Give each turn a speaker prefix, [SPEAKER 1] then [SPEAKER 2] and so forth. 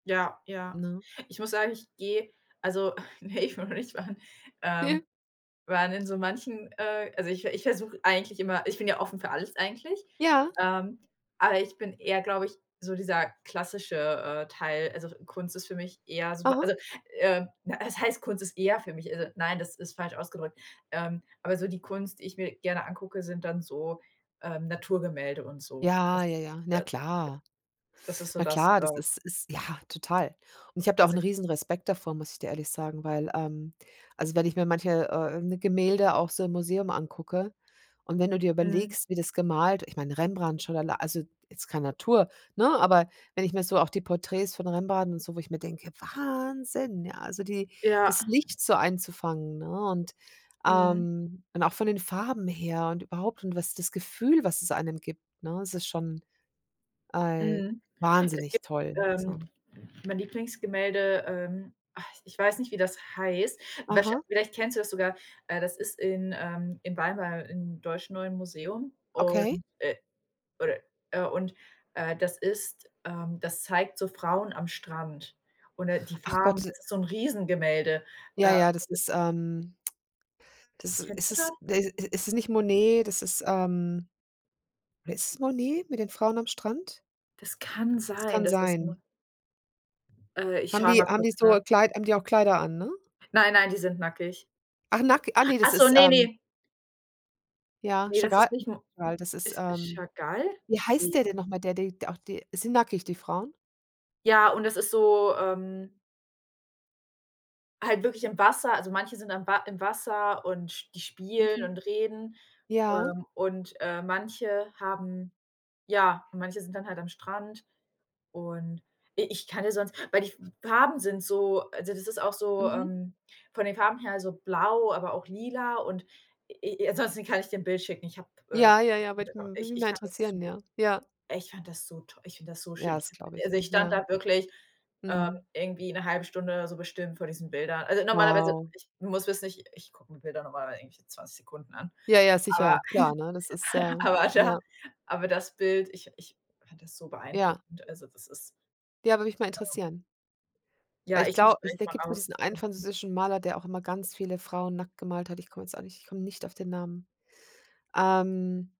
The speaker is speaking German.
[SPEAKER 1] Ja, ja.
[SPEAKER 2] Ne?
[SPEAKER 1] Ich muss sagen, ich gehe also, ne, ich will noch nicht fahren, ähm, weil in so manchen äh, also ich ich versuche eigentlich immer ich bin ja offen für alles eigentlich,
[SPEAKER 2] Ja.
[SPEAKER 1] ähm, aber ich bin eher, glaube ich, so dieser klassische, äh, Teil. Also, Kunst ist für mich eher super,
[SPEAKER 2] Aha.
[SPEAKER 1] also, äh, was heißt Kunst ist eher für mich? Also, nein, das ist falsch ausgedrückt. Ähm, aber so die Kunst, die ich mir gerne angucke, sind dann so, ähm, Naturgemälde und so.
[SPEAKER 2] Ja,
[SPEAKER 1] Das
[SPEAKER 2] ja, ja, na
[SPEAKER 1] da da
[SPEAKER 2] klar.
[SPEAKER 1] das ist so
[SPEAKER 2] Na
[SPEAKER 1] das,
[SPEAKER 2] klar,
[SPEAKER 1] äh
[SPEAKER 2] das ist ist ja, total. Und ich habe da auch
[SPEAKER 1] was
[SPEAKER 2] 'n
[SPEAKER 1] ich
[SPEAKER 2] Riesenrespekt davor, muss ich dir ehrlich sagen, weil, ähm, also wenn ich mir manche, äh, Gemälde auch so im Museum angucke und wenn du dir
[SPEAKER 1] Mhm.
[SPEAKER 2] überlegst, wie das gemalt, ich meine, Rembrandt, schon allei also jetzt kein Natur, ne? Aber wenn ich mir so auch die Porträts von Rembrandt und so, wo ich mir denke. Wahnsinn, ja, also die
[SPEAKER 1] Ja.
[SPEAKER 2] das Licht so einzufangen, ne? Und
[SPEAKER 1] Mhm.
[SPEAKER 2] ähm, und auch von den Farben her und überhaupt und was das Gefühl, was es einem gibt, ne? Es ist schon. Ei
[SPEAKER 1] Mhm. Es
[SPEAKER 2] wahnsinnig
[SPEAKER 1] gibt,
[SPEAKER 2] toll,
[SPEAKER 1] ähm,
[SPEAKER 2] also.
[SPEAKER 1] mein Lieblingsgemälde, ähm, ah, ich weiß nicht, wie das heißt. Wäscher
[SPEAKER 2] Aha.
[SPEAKER 1] vielleicht kennst du das sogar, äh, das ist in, ähm, in Weimar, im Deutschen Neuen Museum.
[SPEAKER 2] Okay.
[SPEAKER 1] Und äh, oder äh und, äh, das ist ähm, das zeigt so Frauen am Strand oder die
[SPEAKER 2] Ach
[SPEAKER 1] Farben.
[SPEAKER 2] Gott
[SPEAKER 1] Das ist so 'n Riesengemälde,
[SPEAKER 2] Ja,
[SPEAKER 1] ähm.
[SPEAKER 2] ja, das ist ähm das
[SPEAKER 1] Kennst
[SPEAKER 2] ist
[SPEAKER 1] du
[SPEAKER 2] es
[SPEAKER 1] das?
[SPEAKER 2] de i ist nicht Monet, das ist ähm, oder ist es Monet mit den Frauen am Strand?
[SPEAKER 1] Das kann sein,
[SPEAKER 2] Kann
[SPEAKER 1] dass das muss
[SPEAKER 2] sein.
[SPEAKER 1] Äh, ich
[SPEAKER 2] Haben
[SPEAKER 1] schaue
[SPEAKER 2] die
[SPEAKER 1] mal
[SPEAKER 2] haben die
[SPEAKER 1] kurz, ne?
[SPEAKER 2] so Kleid haben die auch Kleider an, ne?
[SPEAKER 1] Nein, nein, die sind nackig.
[SPEAKER 2] Ach, nack ach, ne, das
[SPEAKER 1] Ach so,
[SPEAKER 2] ist,
[SPEAKER 1] ne,
[SPEAKER 2] ähm.
[SPEAKER 1] ne.
[SPEAKER 2] Ja,
[SPEAKER 1] Ne, das
[SPEAKER 2] Chagall,
[SPEAKER 1] ist nicht Mo
[SPEAKER 2] ja das ist,
[SPEAKER 1] ist
[SPEAKER 2] ähm,
[SPEAKER 1] Chagall?
[SPEAKER 2] wie heißt
[SPEAKER 1] Ne.
[SPEAKER 2] der denn noch mal, der die auch die sind nackig, die Frauen?
[SPEAKER 1] Ja, und das ist so, ähm halt wirklich im Wasser. Also, manche sind am Wa im Wasser und sp die spielen
[SPEAKER 2] Mhm.
[SPEAKER 1] und reden,
[SPEAKER 2] Ja.
[SPEAKER 1] ähm. Und, ähm, manche haben ja, manche sind dann halt am Strand. Und i ich kann ja sonst weil die F Farben sind so also das ist auch so,
[SPEAKER 2] Mhm.
[SPEAKER 1] ähm, von den Farben her also blau, aber auch lila. Und i i ansonsten kann ich dir 'n Bild schicken. Ich habe äh,
[SPEAKER 2] Ja, ja, ja, würde
[SPEAKER 1] genau,
[SPEAKER 2] mm würde
[SPEAKER 1] ich
[SPEAKER 2] mich mal
[SPEAKER 1] ich fand das su
[SPEAKER 2] interessieren, ja, ja.
[SPEAKER 1] Ich fand das so to Ich finde das so
[SPEAKER 2] Ja,
[SPEAKER 1] schön.
[SPEAKER 2] das glaube ich,
[SPEAKER 1] Also,
[SPEAKER 2] ja,
[SPEAKER 1] ich stand
[SPEAKER 2] ja.
[SPEAKER 1] da wirklich, ähm,
[SPEAKER 2] Mhm.
[SPEAKER 1] irgendwie 'ne 1/2 Stunde so bestimmt vor diesen Bildern. Also normalerweise,
[SPEAKER 2] Wow.
[SPEAKER 1] ich muss wissen, ich gucke mir Bilder normalerweise irgendwie 20 Sekunden an,
[SPEAKER 2] Ja, ja,
[SPEAKER 1] aber
[SPEAKER 2] sicher, klar, ne? Das ist ja
[SPEAKER 1] aber da
[SPEAKER 2] ja.
[SPEAKER 1] aber das Bild, ich ich fand das so
[SPEAKER 2] Ja.
[SPEAKER 1] beeindruckend. Also, das ist
[SPEAKER 2] Ja. Würde mich mal
[SPEAKER 1] ähm
[SPEAKER 2] interessieren. Weil
[SPEAKER 1] ja,
[SPEAKER 2] ich
[SPEAKER 1] ich suche
[SPEAKER 2] glaube
[SPEAKER 1] es
[SPEAKER 2] ich
[SPEAKER 1] gleich
[SPEAKER 2] da
[SPEAKER 1] mal
[SPEAKER 2] gibt es nur
[SPEAKER 1] raus.
[SPEAKER 2] diesen einen französischen Maler, der auch immer ganz viele Frauen nackt gemalt hat. Ich komme jetzt auch nicht ich komme nicht auf den Namen, ähm.